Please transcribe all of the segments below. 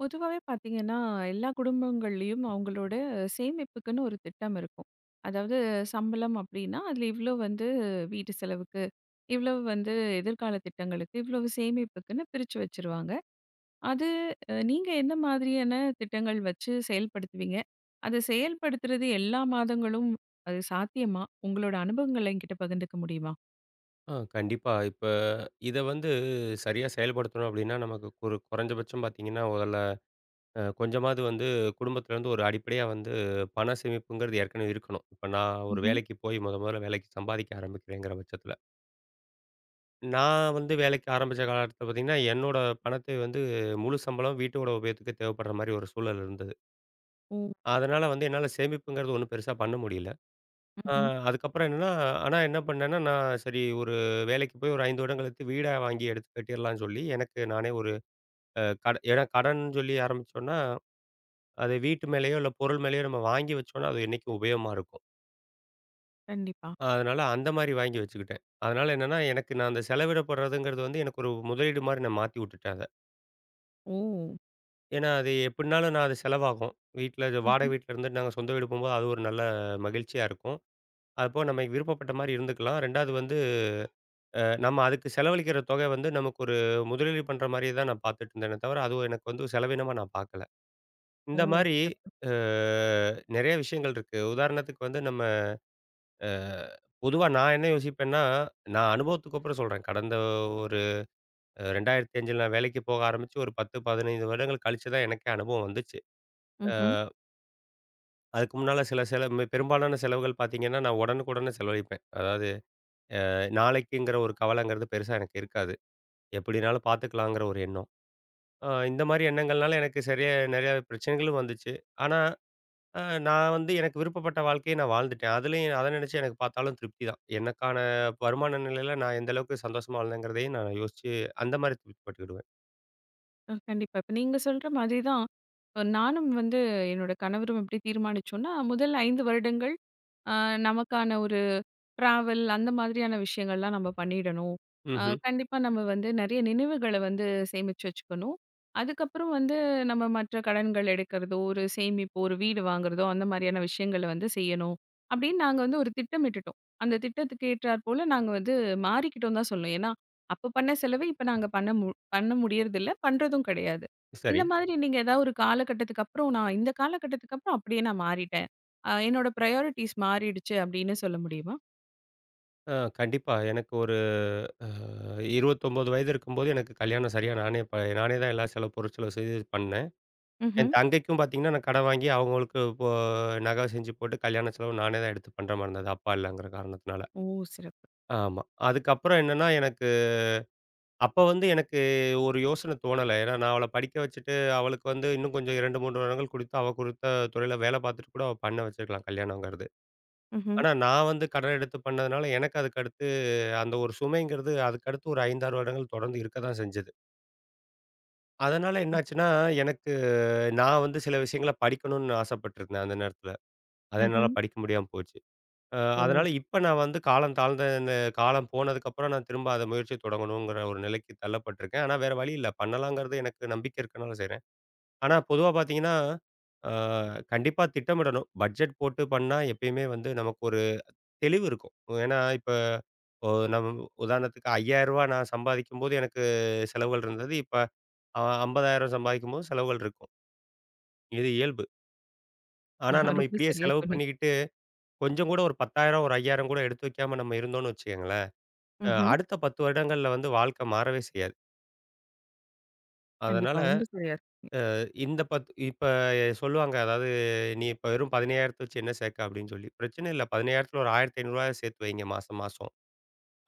பொதுவாவே பார்த்தீங்கன்னா, எல்லா குடும்பங்கள்லயும் அவங்களோட, சேமிப்புக்குன்னு ஒரு திட்டம் இருக்கும். அதாவது, சம்பளம் அப்படின்னா, அதுல இவ்வளவு வந்து, வீட்டு செலவுக்கு. இவ்வளவு வந்து, எதிர்கால திட்டங்களுக்கு, இவ்வளவு சேமிப்புக்குன்னு பிரிச்சு வச்சுருவாங்க. அது, அ நீங்க என்ன மாதிரியான திட்டங்கள் வச்சு செயல்படுத்துவீங்க? அத செயல்படுத்துறது எல்லா மாதங்களும், அது சாத்தியமா? உங்களோட அனுபவங்கள என்கிட்ட பகிர்ந்துக்க முடியுமா? ஆ, கண்டிப்பா. இப்ப இத வந்து, சரியா செயல்படுத்தணும் அப்படின்னா, நமக்கு ஒரு கொறைஞ்சபட்சம் பார்த்தீங்கன்னா, மொதல்ல அ கொஞ்சமாது வந்து, குடும்பத்துலேருந்து ஒரு அடிப்படையா வந்து, பணம் சேமிப்புங்கிறது ஏற்கனவே இருக்கணும். இப்ப நான் ஒரு ம்ஹ்ம். வேலைக்கு போயி, மொதமொதல்ல வேலைக்கு சம்பாதிக்க ஆரம்பிக்கிறேங்கிற பட்சத்துல. நான் வந்து வேலைக்கு ஆரம்பிச்ச காலகட்டத்துல பார்த்தீங்கன்னா, என்னோட பணத்தை வந்து, முழு சம்பளமும் வீட்டோட உபயோகத்துக்கே தேவைப்படுற மாரி, ஒரு சூழல் இருந்தது. ஓ! அதனால வந்து, என்னால சேமிப்புங்கிறது ஒன்னும் பெருசா பண்ண முடியல. ஆ, ம்ஹ்ம். அதுக்கப்புறம் என்னன்னா, ஆனா என்ன பண்ணேன்னா, நான் சரி ஒரு வேலைக்கு போயி, ஒரு ஐந்து வருடம் கழித்து, வீடா வாங்கி எடுத்துக் கட்டிறலான்னு சொல்லி, எனக்கு நானே ஒரு அ, கடன் ஏன்னா கடன் சொல்லி ஆரம்பிச்சோம்னா, அதை வீட்டு மேலயோ, இல்ல பொருள் மேலயோ நம்ம வாங்கி வச்சோம்னா, அது என்னைக்கும் உபயோகமா இருக்கும். கண்டிப்பா. அதுனால அந்த மாதிரி வாங்கி வச்சுக்கிட்டேன். அதுனால என்னன்னா, எனக்கு நான் அந்த செலவிடப்படுறதுங்கிறது வந்து எனக்கு ஒரு முதலீடு மாதிரி நான் மாத்திவுட்டுட்டேன், அத. ஓ! ஏன்னா, அது எப்படின்னாலும் நான் அது செலவாகும். வீட்டுல வாடக ம்ஹ்ம். வீட்டுல இருந்து நாங்க சொந்த வீடு போம்போது. அது ஒரு நல்ல மகிழ்ச்சியா இருக்கும். அதுப்போக நம்ம விருப்பப்பட்ட மாதிரி இருந்துக்கலாம். 2வது வந்து அ நம்ம அதுக்கு செலவழிக்கிற தொக வந்து நமக்கு ஒரு முதலீடு பண்ற மாதிரியே தான் நான் பார்த்துட்டு இருந்தனே தவிர. அதுவும் எனக்கு வந்து செலவீனமா நான் பார்க்கல! ஓ! இந்த மாதிரி சிறப்பு. அ நெறைய விஷயங்கள் இருக்கு. உதாரணத்துக்கு வந்து நம்ம அ பொதுவா நான் என்ன யோசிப்பன்னா, நான் அனுபவத்துக்குப்புறம் சொல்றேன். கடந்த ஒரு 2005 நான் வேலைக்கு போக ஆரம்பிச்சு. ஒரு 10, 15 வருடங்கள் கழிச்சு தான் எனக்கே அனுபவம் வந்துச்சு. ம்ஹ்ம். அ. அதுக்கு முன்னால சில செலவ மி பெரும்பாலான செலவுகள் பார்த்தீங்கன்னா, நான் உடனுக்குடனே செலவழிப்பேன்! அதாவது அ நாளைக்குங்குற ஒரு கவலங்கிறது பெருசா எனக்கு இருக்காது. எப்படினாலும் பார்த்துக்கலாங்கிற ஒரு எண்ணம். அ இந்த மாரி எண்ணங்கள்னால, எனக்கு சரியா நெறைய பிரச்சனைகளும் வந்துச்சு. ஆனா அ நான் வந்து எனக்கு விருப்பப்பட்ட வாழ்க்கைய நான் வாழ்ந்துட்டேன். அதுலேயும் அத நெனச்சு எனக்கு பார்த்தாலும் திருப்திதான். எனக்கான வருமான நிலைல நான் எந்த அளவுக்கு சந்தோஷமா வாழ்ந்தேங்கிறதயும் நான் யோசிச்சு, அந்த மாதிரி திருப்தி பட்டுக்கிடுவேன். அ கண்டிப்பா. இப்ப நீங்க சொல்ற மாதிரி தான், இப்ப நானும் வந்து என்னோட கணவரும் எப்படி தீர்மானிச்சோன்னா முதல் 5 வருடங்கள் அ நமக்கான ஒரு ட்ராவல் அந்த மாதிரியான விஷயங்கள்லாம் நம்ம பண்ணிடணும்! அ ம்ஹ்ம். கண்டிப்பா நம்ம வந்து நெறைய நினைவுகள வந்து சேமிச்சு வச்சுக்கணும்! அதுக்கப்புறம் வந்து நம்ம மற்ற கடன்கள் எடுக்கிறதோ, ஒரு சேமிப்பு, ஒரு வீடு வாங்குறதோ, அந்த மாதிரியான விஷயங்கள வந்து செய்யணும். அப்டின்னு நாங்க வந்து ஒரு திட்டமிட்டுட்டோம்! அந்த திட்டத்துக்கு ஏற்றாற் போல நாங்க வந்து மாறிக்கிட்டோன்னு தான் சொல்லணும்! ஏன்னா, அப்போ பண்ண செலவ இப்ப நாங்க பண்ண மு பண்ண முடியறதில்ல. பண்றதும் கெடையாது, இந்த சரி. மாதிரி நீங்க ஏதாவது ஒரு காலகட்டத்துக்குப்புறம் "நான் இந்த காலகட்டத்துக்கப்புறம் அப்படியே நான் மாறிட்டேன்! அ என்னோட பிரையாரிட்டீஸ் மாறிடுச்சு" அப்படின்னு சொல்ல முடியுமா? அ கண்டிப்பா! எனக்கு ஒரு அ 29 வயது இருக்கும்போது எனக்கு கல்யாணம் சரியா நானே இப்ப நானே தான் எல்லா செலவு பொருட் செலவு செய்து பண்ணேன். என் ம்ஹ்ம். தங்கைக்கும் பார்த்தீங்கன்னா, நான் கடன் வாங்கி அவங்களுக்கு இப்போ நகை செஞ்சு போட்டு கல்யாண செலவு நானே தான் எடுத்து பண்ணுற மாரி இருந்தது. அப்பா இல்லங்குற காரணத்தினால. ஓ! சிறப்பு. ஆமா. அதுக்கப்புறம் என்னன்னா எனக்கு, அப்ப வந்து எனக்கு ஒரு யோசன தோணல. ஏன்னா, நான் அவள படிக்க வச்சுட்டு அவளுக்கு வந்து இன்னும் கொஞ்சம் 2 3 வருடங்கள் கொடுத்து அவள் கொடுத்த துறைல வேலை பார்த்துட்டு கூட அவ பண்ண வச்சுருக்கலாம், கல்யாணங்கிறது. ம்ஹ்ம். ஆனா நான் வந்து கடன் எடுத்து பண்ணதுனால எனக்கு அதுக்கடுத்து, அந்த ஒரு சுமைங்கிறது அதுக்கடுத்து ஒரு 5,6 வருடங்கள் தொடர்ந்து இருக்க தான் செஞ்சது. அதனால, ம். என்னாச்சுன்னா எனக்கு நான் வந்து சில விஷயங்கள படிக்கணுன்னு ஆசைப்பட்டிருந்தேன். அந்த நேரத்தில, அத என்னால ம்ஹ்ம். படிக்க முடியாம போச்சு. அ ஓ! அதனால, இப்ப நான் வந்து காலம் தாழ்ந்த இந்த காலம் போனதுக்கப்புறம், நான் திரும்ப அத முயற்சிய தொடங்கணுங்கிற ஒரு நிலைக்கு தள்ளப்பட்ருக்கேன். ஆனா வேற வழி இல்ல. பண்ணலாங்கிறது எனக்கு நம்பிக்கை இருக்கனால செய்றேன். ஆனா பொதுவா பார்த்தீங்கன்னா, அ கண்டிப்பா திட்டமிடணும். பட்ஜெட் போட்டு பண்ணா, எப்பயுமே வந்து நமக்கு ஒரு தெளிவுருக்கும். ஓ ஏன்னா, இப்ப ஒ நம்ம உதாரணத்துக்கு ரூ. 5,000 நான் சம்பாதிக்கும்போது எனக்கு செலவுகள் இருந்தது. இப்ப அ 50,000 சம்பாதிக்கும் போது செலவுகள் இருக்கும். இது இயல்பு. ஆனா, நம்ம ரொம்ப இப்படியே சரியாக செலவு சொன்னீங்க. பண்ணிக்கிட்டு, கொஞ்சங்கூட ஒரு 10,000, ஒரு 5,000 கூட எடுத்து வைக்காம, நம்ம இருந்தோம்ன்னு வச்சுகங்களேன். அ ம்ஹ்ம். அடுத்த 10 வருடங்கள்ல வந்து வாழ்க்கை மாறவே செய்யாது. கண்டிப்பா, அதனால, ரொம்ப சரியா சொன்னீங்க. அ இந்த 10 இப்ப சொல்லுவாங்க, அதாவது "நீ இப்ப வெறும் 15,000த்த வச்சு என்ன சேர்க்க?" அப்படின்னு சொல்லி. பிரச்சன இல்ல. 15,000த்தில ஒரு ரூ. 1,500 சேர்த்து வைங்க, மாச மாசம்.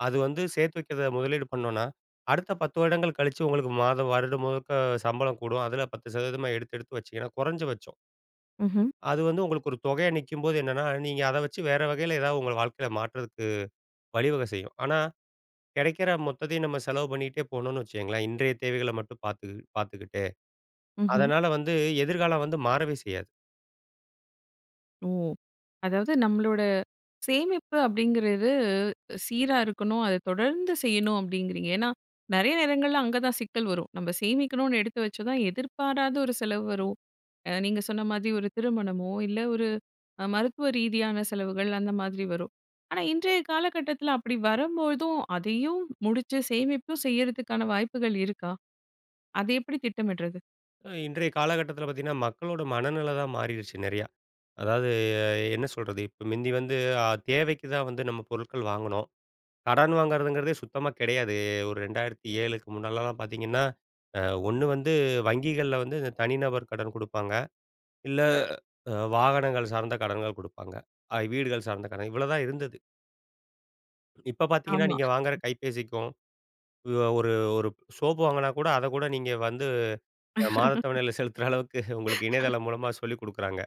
அது வந்து சேர்த்து வைக்கிறத முதலீடு பண்ணோன்னா, அடுத்த 10 வருடங்கள் கழிச்சு உங்களுக்கு மாதம் வருடம் முழுக்க, சம்பளம் கூடும். அதுல 10% மா எடுத்து எடுத்து வச்சீங்கன்னா, குறைஞ்ச பச்சம் ம்ஹ்ம். அது வந்து உங்களுக்கு ஒரு தொகையாக நிக்கும்போது என்னனா, நீங்க அத வச்சி வேற வகையில ஏதாவது உங்க வாழ்க்கைல மாற்றதுக்கு, வழிவகை செய்யும். ஆனா, கெடைக்குற மொத்தத்தையும் நம்ம செலவு பண்ணிட்டே போனோம்னு வச்சிக்கோங்களேன், இன்றைய தேவைகள மட்டும் பாத்து பாத்துக்கிட்டே. ம்ஹ்ம். அதனால வந்து, எதிர்காலம் வந்து மாறவே செய்யாது. ஓ! அதாவது நம்மளோட, சேமிப்பு அப்படிங்குறது சீராக இருக்கணும், அத தொடர்ந்து செய்யணும் அப்படிங்குறீங்க. ஏன்னா, நிறைய நேரங்கள்ல அங்க தான் சிக்கல் வரும். நம்ப சேமிக்கணும்னு எடுத்து வச்சா தான், எதிர்பாராத ஒரு செலவு வரும். அ நீங்க சொன்ன மாதிரி ஒரு திருமணமோ இல்ல, ஒரு அ மருத்துவ ரீதியான செலவுகள் அந்த மாதிரி வரும். ஆனா, இன்றைய காலகட்டத்துல அப்படி வரும்பொழுதும், அதையும் முடிச்சு, சேமிப்பு செய்யிறதுக்கான வாய்ப்புக்கள் இருக்கா? அத எப்படி திட்டமிடுறது? அ, இன்றைய காலகட்டத்துல பாத்தீங்கன்னா, மக்களோட மனநிலை தான் மாறிடுச்சு, நெறையா. அதாவது, எ என்ன சொல்றது, இப்போ மிந்தி வந்து அ தேவைக்கு தான் வந்து நம்ம பொருட்கள் வாங்குனோம். கடன் வாங்குறதுங்குறதே சுத்தமா கிடையாது. ஒரு 2007 முன்னாலலாம் பாத்தீங்கன்னா, அ 1 வந்து வங்கிகள்ல வந்து, தனிநபர் கடன் குடுப்பாங்க. இல்ல, அ வாகனங்கள் சார்ந்த கடன்கள் குடுப்பாங்க. அ, வீடுகள் சார்ந்த கடன், இவ்வளோ தான் இருந்தது. இப்ப பார்த்தீங்கன்னா, ஆமா. நீங்க வாங்குற கைபேசிக்கும் அ ஒரு ஒரு சோப்பு வாங்கினா கூட, அதை கூட, நீங்க வந்து அ மாத தவணையில செலுத்துற அளவுக்கு உங்களுக்கு இணையதளம் மூலமா சொல்லிக் கொடுக்குறாங்க.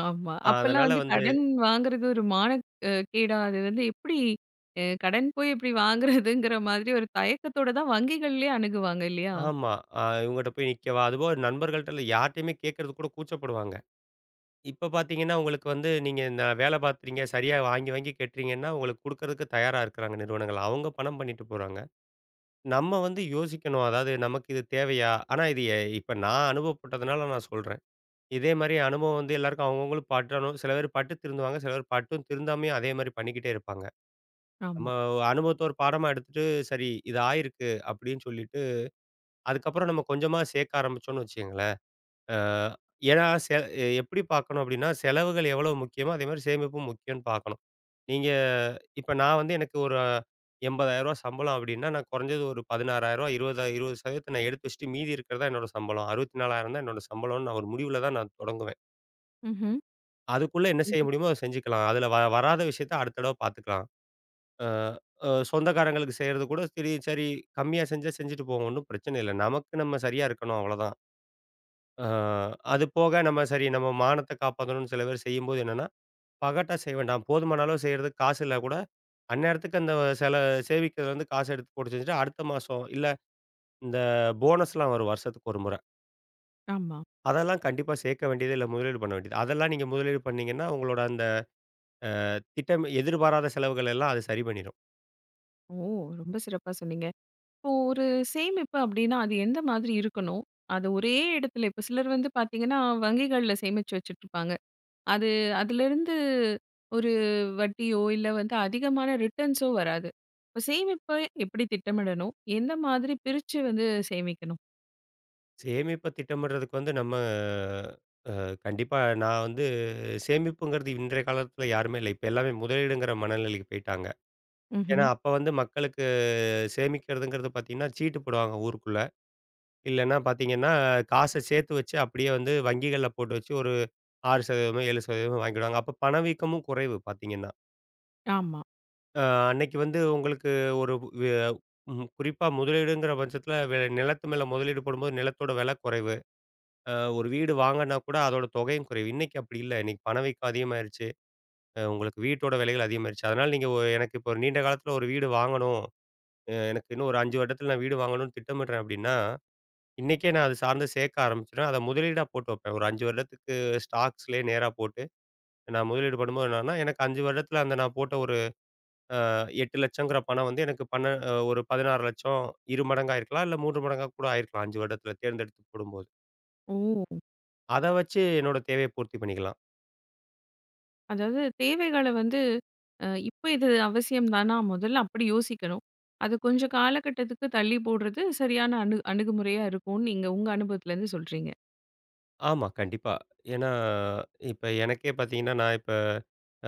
ஆமா. அ அப்பெல்லாம் அதனால வந்து வந்து கடன் வாங்குறது ஒரு மானக் அ கேட அது வந்து எப்படி? அ கடன் போய் எப்படி வாங்குறதுங்கிற மாதிரி ஒரு தயக்கத்தோட தான் வங்கிகள்லயே அணுகுவாங்க இல்லையா? ஆமா. அ இவங்கட்ட போய் நிக்கவா? அதுபோக நண்பர்கள்ட்ட இல்ல யார்ட்டயுமே கேட்கறதுக்கு கூட கூச்சப்படுவாங்க. இப்போ பார்த்தீங்கன்னா, உங்களுக்கு வந்து, நீங்க இந்த வேலை பார்க்கிறீங்க. சரியா வாங்கி, வாங்கி கட்டுறீங்கன்னா, உங்களுக்கு குடுக்கறதுக்கு தயாரா இருக்குறாங்க நிறுவனங்கள். அவுங்க பணம் பண்ணிட்டு போறாங்க. நம்ம வந்து யோசிக்கணும். அதாவது, "நமக்கு இது தேவையா?" ஆனா இது எ இப்ப நான் அனுபவப்பட்டதனால நான் சொல்றேன். இதே மாரி அனுபவம் வந்து எல்லோருக்கும் அவுங்க அவுங்களுக்கு பட்டுறனும். சில பேர் பட்டு திருந்துவாங்க. சில பேர் பட்டும் திருந்தாமயே, அதே மாரி பண்ணிக்கிட்டே இருப்பாங்க. நம்ம ஆமா. ஒ அனுபவத்த ஒரு பாடமா எடுத்துட்டு, "சரி இது ஆயிருக்கு." அப்படின்னு சொல்லிட்டு, அதுக்கப்புறம் நம்ம கொஞ்சமா சேர்க்க ஆரம்பிச்சோம்னு வச்சுக்கோங்களேன் அ ஏன்னா சில அ எப்படி பார்க்கணும் அப்படின்னா, செலவுகள் எவ்வளோ முக்கியமோ, அதேமாதிரி சேமிப்பும் முக்கியம்னு பார்க்கணும். நீங்க அ இப்போ நான் வந்து எனக்கு ஒரு ரூ.80 சம்பளம் அப்படின்னா, நான் குறைஞ்சது ஒரு ரூ.16 20- 20%அ நான் எடுத்து வச்சுட்டு, மீதி இருக்கிறது தான் என்னோட சம்பளம். 64 தான் என்னோட சம்பளம்னு, நான் ஒரு முடிவுல தான் நான் தொடங்குவேன். ம்ஹ்ம். அதுக்குள்ள என்ன செய்ய இது முடியுமோ அத செஞ்சுக்கலாம். அதுல வ வராத விஷயத்த அடுத்த தடவ பாத்துக்கலாம். அ அ சொந்தக்காரங்களுக்கு செய்றது கூட சரி, சரி கம்மியா செஞ்சா செஞ்சுட்டு போவோம். ஒண்ணும் பிரச்சனை இல்ல. நமக்கு நம்ம சரியா இருக்கணும் அவ்வளோதான். அ அது போக நம்ம சரி நம்ம மானத்தை காப்பாத்துனுன்னு சில பேர் செய்யும்போது, என்னென்னா பகட்டா செய்ய வேண்டாம். போதுமான அளவு செய்றதுக்கு காசு இல்லன்னா கூட, அந்நேரத்துக்கு அந்த சில சேமிப்புலருந்து காசை எடுத்து போட்டு செஞ்சுட்டு, அடுத்த மாசம் இல்ல, இந்த போனஸ்லாம் வரும் வருஷத்துக்கு ஒரு முறை. ஆமா. அதெல்லாம் கண்டிப்பா சேர்க்க வேண்டியதே இல்ல. முதலீடு பண்ண வேண்டியது. அதெல்லாம் நீங்க முதலீடு பண்ணீங்கன்னா, உங்களோட அந்த அ திட்டம் எதிர்பாராத செலவுகளெல்லாம் அது சரி பண்ணிரும். ஓ! ரொம்ப சிறப்பா சொன்னீங்க. இப்போ ஒரு சேமிப்பு அப்படின்னா அது எந்த மாதிரி இருக்கணும்? அது ஒரே இடத்துல இப்ப சிலர் வந்து பாத்தீங்கன்னா, வங்கிகள்ல சேமிச்சு வச்சுட்ருப்பாங்க. அது அதிலேருந்து ஒரு வட்டியோ இல்ல வந்து அதிகமான ரிட்டர்ன்ஸோ வராது. இப்ப சேமிப்பு எப்படி திட்டமிடணும்? எந்த மாதிரி பிரிச்சு வந்து சேமிக்கணும்? சேமிப்ப திட்டமிடுறதுக்கு வந்து நம்ம, அ கண்டிப்பா நான் வந்து சேமிப்புங்கிறது இன்றைய காலத்துல யாருமே இல்ல. இப்ப எல்லாருமே முதலீடுங்கிற மனநிலைக்கு போய்ட்டாங்க. ஏன்னா, ம்ஹ்ம். அப்ப வந்து மக்களுக்கு சேமிக்கிறதுங்கிறது பாத்தீங்கன்னா, சீட்டு போடுவாங்க ஊருக்குள்ள. இல்லனா பாத்தீங்கன்னா, காச சேர்த்து வச்சு அப்படியே வந்து வங்கிகள்ல போட்டு வச்சு, ஒரு 6%மோ, 7%மோ வாங்கிடுவாங்க. அப்ப பணவீக்கமும் குறைவு பாத்தீங்கன்னா. ஆமா. அ. அன்னைக்கு வந்து உங்களுக்கு ஒரு வெ ம் குறிப்பா, முதலீடுங்கற பட்சத்துல வெ நிலத்து மேல முதலீடு போடும்போது, நிலத்தோட வெல குறைவு. அ, ஒரு வீடு வாங்கனும்னா கூட அதோட தொகையும் குறைவு. இன்னைக்கு அப்படி இல்ல. இன்னைக்கு பணவீக்கம் அதிகமாயிருச்சு. அ, உங்களுக்கு வீட்டோட விலையெல்லாம் அதிகமாயிருச்சு. அதனால நீங்க ஒ எனக்கு இப்போ ஒரு நீண்ட காலத்துல ஒரு வீடு வாங்கணும் அ எனக்கு இன்னும் ஒரு 5 வருடத்தில நான் வீடு வாங்கணும்னு திட்டமிடுறேன் அப்படின்னா, இன்னைக்கே நான் அத சார்ந்து சேர்க்க ஆரம்பிச்சுருவேன். அத முதலீடா போட்டு வைப்பேன். ஒரு 5 வருடத்துக்கு, ஸ்டாக்ஸ்லயே நேரா போட்டு, நான் முதலீடு பண்ணும்போ என்னன்னா, எனக்கு 5 வருடத்தில் அந்த நான் போட்ட ஒரு அ 8 லட்சங்கற பணம் வந்து எனக்கு பன்ன ஒரு 16 லட்சம் 2 மடங்காகிருக்கலாம், இல்ல 3 மடங்கா கூட ஆயிருக்கலாம், 5 வருடத்தில தேர்ந்தெடுத்து போடும்போது. ஓ! அத வச்சு என்னோட தேவைய பூர்த்தி பண்ணிக்கலாம். அதாவது, தேவைகள வந்து, அ "இப்ப இது அவசியம் தானா?" முதல்ல அப்படி யோசிக்கனும். அத கொஞ்ச காலகட்டத்துக்கு தள்ளி போடறது சரியான அணு அணுகுமுறையா இருக்கும்னு, நீங்க உங்க அனுபவத்துலிருந்து சொல்றீங்க. ஆமா, கண்டிப்பா. ஏன்னா, இப்ப எனக்கே பார்த்தீங்கன்னா, நான் இப்ப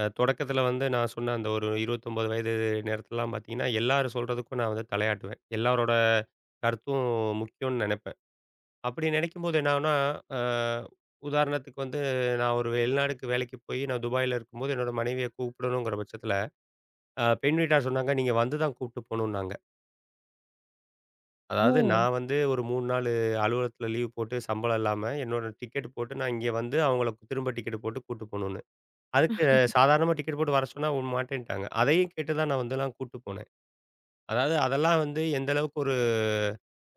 அ தொடக்கத்துல வந்து நான் சொன்ன அந்த ஒரு 29 வயது நேரத்துலெல்லாம் பார்த்தீங்கன்னா, எல்லாரும் சொல்றதுக்கும் நான் வந்து தலையாட்டுவேன். எல்லோரோட கருத்தும் முக்கியம்னு நெனப்பேன். அப்படி நினைக்கும்போது என்னாகும்னா அ உதாரணத்துக்கு வந்து, நான் ஒரு வெளிநாட்டுக்கு வேலைக்கு போய், நான் துபாயில இருக்கும்போது என்னோட மனைவிய கூப்பிடணுங்கிற பட்சத்துல, அ பெண் வீட்டார் சொன்னாங்க, நீங்க வந்து தான் கூப்ட்டு போகணும்னாங்க. அதாவது, ஓ! நான் வந்து ஒரு 3 நாளு, அலுவலகத்தில லீவு போட்டு சம்பளம் இல்லாம, என்னோட டிக்கெட்டு போட்டு, நான் இங்க வந்து, அவங்கள திரும்ப, டிக்கெட்டு போட்டு கூட்டு போணுங்க. அதுக்கு சாதாரணமா டிக்கெட்டு போட்டு வர சொன்னா, அவுங்க மாட்டேன்ட்டாங்க. அதையும் கேட்டுதான், நான் வந்து நான் கூட்டு போனேன். அதாவது அதெல்லாம் வந்து, எந்த அளவுக்கு, ஒரு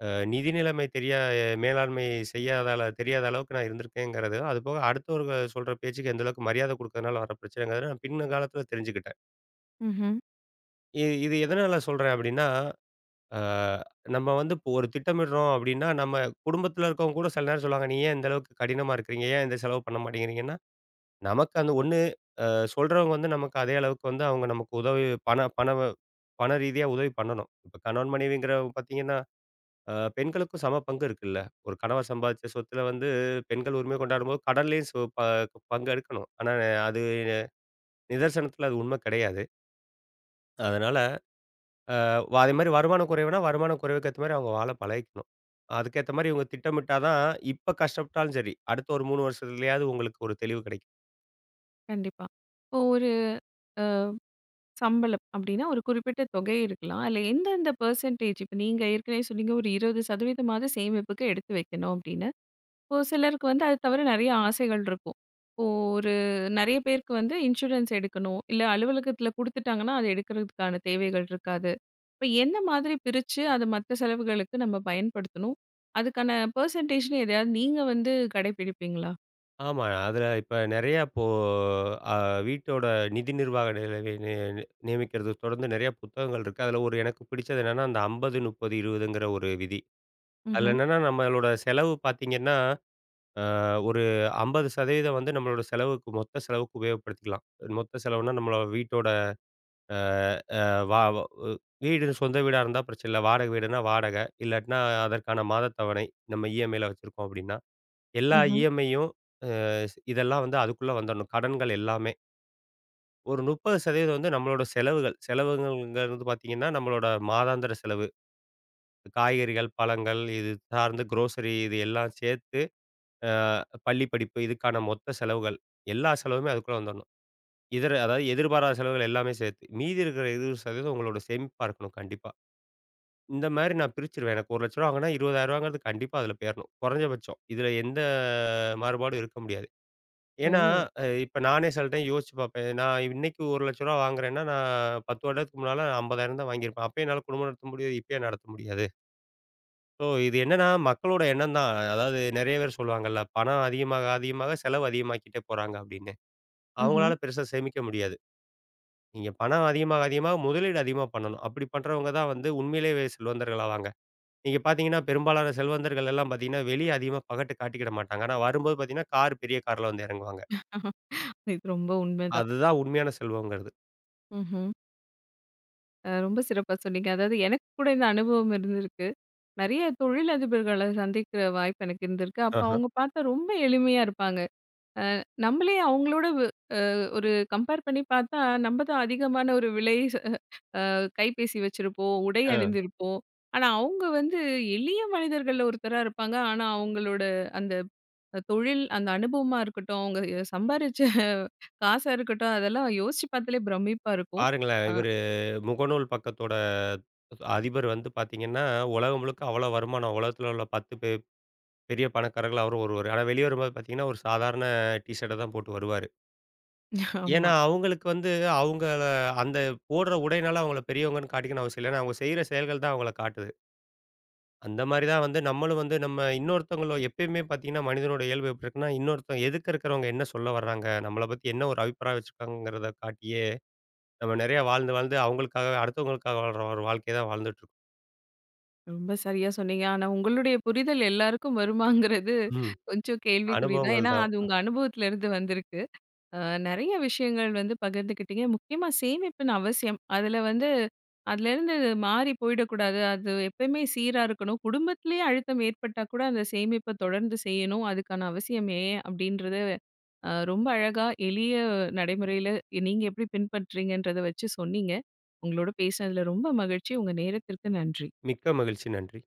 அ நிதி நிலமை தெரியா அ மேலாண்மை செய்யாதால தெரியாத அளவுக்கு நான் இருந்திருக்கேன்கறது. அதுபோக, அடுத்தவர்கள் சொல்ற பேச்சுக்கு, எந்தளவுக்கு மரியாதை குடுக்கதனால வர்ற பிரச்சனைதான்னு, பின்னங்காலத்துல தெரிஞ்சுகிட்டேன். ம்ஹ்ம். இது இது எதனால சொல்றேன் அப்படின்னா, அ நம்ம வந்து இப்ப ஒரு திட்டமிடுறோம் அப்படின்னா, நம்ம குடும்பத்துல இருக்கவங்க கூட சில நேரம் சொல்லுவாங்க, நீ ஏன் இந்த அளவுக்கு கடினமா இருக்குறீங்க? ஏன் இந்த செலவு பண்ண மாட்டேங்கிறீங்கன்னா, நமக்கு அந்த 1 அ சொல்றவங்க வந்து, நமக்கு அதே அளவுக்கு வந்து, அவுங்க நமக்கு உதவி பண பணவு பண ரீதியா உதவி பண்ணணும். இப்ப கணவன், மனைவிங்கிறவுங்க பார்த்தீங்கன்னா, அ பெண்களுக்கும் சம பங்கு இருக்குல்ல? ஒரு கணவன் சம்பாதிச்ச சொத்துல வந்து, பெண்கள் உரிமை கொண்டாடும்போது, கடன்லேயும் சு ப ப் பங்கு எடுக்கணும். ஆனா அ அது, நிதர்சனத்துல அது உண்மை கிடையாது. அதனால அ அதேமாரி வருமானம் குறைவுனா, வருமானங்குறைவுக்கேத்த மாரி, அவங்க வாழ பழகிக்கணும். அதுக்கேத்த மாரி, இவங்க திட்டமிட்டாதான், இப்ப கஷ்டப்பட்டாலும் சரி, அடுத்த ஒரு மூணு வருஷத்துலயாவது, உங்களுக்கு ஒரு தெளிவு கிடைக்கும். கண்டிப்பா. இப்போ ஒரு அ சம்பளம் அப்படீன்னா, ஒரு குறிப்பிட்ட தொகை இருக்கலாம். அதுல எந்தெந்த பர்சன்டேஜ் இப்ப நீங்க ஏற்கனவே சொன்னீங்க, ஒரு 20% ஆவது சேமிப்புக்கு எடுத்து வைக்கணும், அப்படீன்னு. இப்போ சிலருக்கு வந்து அத தவிர நெறைய ஆசைகள் இருக்கும். இப்போ, ஒரு நெறைய பேருக்கு வந்து இன்சூரன்ஸ் எடுக்கணும். இல்ல, அலுவலகத்துல குடுத்துட்டாங்கன்னா, அத எடுக்கறதுக்கான தேவைகள் இருக்காது. இப்ப என்ன மாதிரி பிரிச்சு, அத மத்த செலவுகளுக்கு நம்ப பயன்படுத்தணும்? அதுக்கான பர்சன்டேஜ்னு எதையாவது நீங்க வந்து கடைபிடிப்பீங்களா? ஆமா. அதுல இப்ப, நெறைய அப்போ அ வீட்டோட நிதி நிர்வாக நி நி நி நி நியமிக்குறத தொடர்ந்து நெறைய புத்தகங்கள் இருக்கு. அதுல 1 எனக்கு பிடிச்சது என்னன்னா, அந்த 50, 30, 20ங்குற ஒரு விதி. அதுல ம்ஹ்ம். என்னென்னா, நம்பளோட செலவு பாத்தீங்கன்னா, அ ஒரு 50% வந்து நம்மளோட செலவுக்கு, மொத்த செலவுக்கு உபயோகப்படுத்திக்கலாம். மொத்த செலவுன்னா, நம்மளோட வீட்டோட அ அ வா ஒ வ் வீடு சொந்த வீடா இருந்தா பிரச்சனை இல்ல, வாடகை வீடுனா வாடகை, இல்லாட்டினா அதற்கான மாத தவணை. நம்ப இ.எம்.ஐலாம் வச்சுருக்கோம் அப்படீன்னா. எல்லா ம்ஹ்ம். இ.எம்.ஐயும் அ ஸ் இதெல்லாம் வந்து அதுக்குள்ள வந்துடணும். கடன்கள் எல்லாமே. ஒரு 30% வந்து, நம்மளோட செலவுகள். செலவுங்கள்ங்கறது வந்து பார்த்தீங்கன்னா, நம்மளோட மாதாந்திர செலவு. காய்கறிகள், பழங்கள், இது சார்ந்து குரோசரி இது எல்லாம் சேர்த்து, ஆ பள்ளி படிப்பு இதுக்கான மொத்த செலவுகள், எல்லா செலவுமே அதுக்குள்ள வந்துரனும். இதர, அதாவது எதிர்பாராத செலவுகள் எல்லாமே சேர்த்து. மீதி இருக்கிற 20% உங்களோட சேமிப்பா இருக்கணும், கண்டிப்பா. இந்த மாரி நான் பிரிச்சுருவேன், எனக்கு ரூ.1,00,000 வாங்குனா, ரூ.20,000 ங்கிறது கண்டிப்பா அதுல போயிரணும். குறைஞ்சபட்சம். இதுல எந்த மாறுபாடும் இருக்க முடியாது. ஏன்னா ஓ! அ இப்ப நானே சில டைம் யோசிச்சு பார்ப்பேன். இது, நான் இன்னைக்கு ரூ.1,00,000 வாங்குறேன்னா, நான் 10 வருடத்துக்கு முன்னால 50,000 தான் வாங்கியிருப்பேன். அப்பயும் என்னால குடும்பம் நடத்த முடியுது, இப்ப ஏன் நடத்த முடியாது? சோ இது என்னென்னா, மக்களோட எண்ணம் தான். அதாவது நெறைய பேரு சொல்லுவாங்கல்ல, "பணம் அதிகமாக அதிகமாக செலவு அதிகமாக்கிட்டே போறாங்க", அப்படின்னு. ம்ஹ்ம். அவங்களால, பெருசா சேமிக்க முடியாது. நீங்க பணம் அதிகமாக அதிகமாக முதலீடு அதிகமா பண்ணணும். அப்படி பண்றவங்க தான் வந்து, உண்மையிலேயே வெ செல்வந்தர்கள் ஆவாங்க. நீங்க பார்த்தீங்கன்னா, பெரும்பாலான செல்வந்தர்கள் எல்லாம் பார்த்தீங்கன்னா, வெளிய அதிகமா பகட்டு காட்டிக்க மாட்டாங்க. ஆனா வரும்போது பார்த்தீங்கன்னா, கார் பெரிய கார்ல வந்து இறங்குவாங்க. இது ரொம்ப உண்மை தான். அதுதான் உண்மையான செல்வம்ங்கிறது. ம்ஹ்ம். அ ரொம்ப சிறப்பா சொன்னீங்க, அதாவது எனக்கு கூட இந்த அனுபவம் இருந்திருக்கு. நெறய தொழிலதிபர்கள சந்திக்கிற வாய்ப்பு எனக்கு இருந்திருக்கு. அப்ப அஹ. அவங்க பார்த்தா ரொம்ப எளிமையா இருப்பாங்க! அ நம்மளே அவங்களோட அ ஒரு கம்பேர் பண்ணி பார்த்தா, நம்ப தான் அதிகமான ஒரு விலை அ கைப்பேசி வச்சிருப்போம், உடை அ. அணிந்திருப்போம். ஆனா அவங்க வந்து எளிய மனிதர்கள்ல ஒருத்தரா இருப்பாங்க. ஆனா அவங்களோட அந்த தொழில், அந்த அனுபவமா இருக்கட்டும். அவங்க அ சம்பாரிச்ச காசா இருக்கட்டும். அதெல்லாம் யோசிச்சு பார்த்தாலே பிரமிப்பா இருக்கும். பாருங்களேன், அ இவரு முகநூல் பக்கத்தோட, அதிபர் வந்து பார்த்தீங்கன்னா, உலகம் முழுக்க அவ்ளோ வருமானம். உலகத்துல உள்ள 10 பெர் பெரிய பணக்காரர்கள்ல அவரும் ஒருவரு. ஆனா வெளிய வரும்போது, பார்த்தீங்கன்னா. ஒரு சாதாரண டீஷர்ட்ட தான் போட்டு வருவாரு. ஏன்னா, ஆமா. அவங்களுக்கு வந்து, அவங்க அந்த போடுற உடையினால அவங்கள பெரியவங்கன்னு காட்டிக்கணும் அவசியம் இல்ல. ஏன்னா அவங்க செய்யற செயல்கள் தான் அவங்கள காட்டுது. அந்த மாதிரி தான் வந்து, நம்மளும் வந்து நம்ம இன்னொருத்தங்களும் எப்பவுமே பார்த்தீங்கன்னா, மனிதனோட இயல்பு எப்படி இருக்குனா, இன்னொருத்தன் எதுக்க இருக்கறவங்க என்ன சொல்ல வர்றாங்க? நம்மள பத்தி என்ன ஒரு அபிப்ராயம் வச்சிருக்கிறாங்ககறத காட்டியே, நம்ம நெறைய வாழ்ந்து, வாழ்ந்து அவங்களுக்கா அடுத்தவங்களுக்காக வாழ்ற ஒரு வாழ்க்கைய தான் வாழ்ந்துட்டுருக் ரொம்ப சரியா சொன்னீங்க, ஆனா உங்களுடைய புரிதல் எல்லாருக்கும் வருமாங்கறது ம், கொஞ்சம் கேள்விக்குறி தான். அனுபவங்கள் ஏன்னா தான். அது உங்க அனுபவத்துல இருந்து வந்திருக்கு. அ நெறய விஷயங்கள் வந்து பகிர்ந்துக்கிட்டீங்க. முக்கியமா சேமிப்பின் அவசியம். அதுல வந்து, அதிலேருந்து மாறி போயிடக்கூடாது, அது எப்பயுமே சீரா இருக்கணும். குடும்பத்திலயே அழுத்தம் ஏற்பட்டா கூட அந்த சேமிப்ப தொடர்ந்து செய்யணும். அதுக்கான அவசியம் ஏன் அப்படின்றது. அ ரொம்ப அழகா, எளிய நடைமுறைல, நீங்க எப்படி பின்பற்றீங்கங்கறத வச்சு சொன்னீங்க. உங்களோடு பேசினதுல ரொம்ப மகிழ்ச்சி! உங்கள் நேரத்திற்கு நன்றி. மிக்க மகிழ்ச்சி. நன்றி!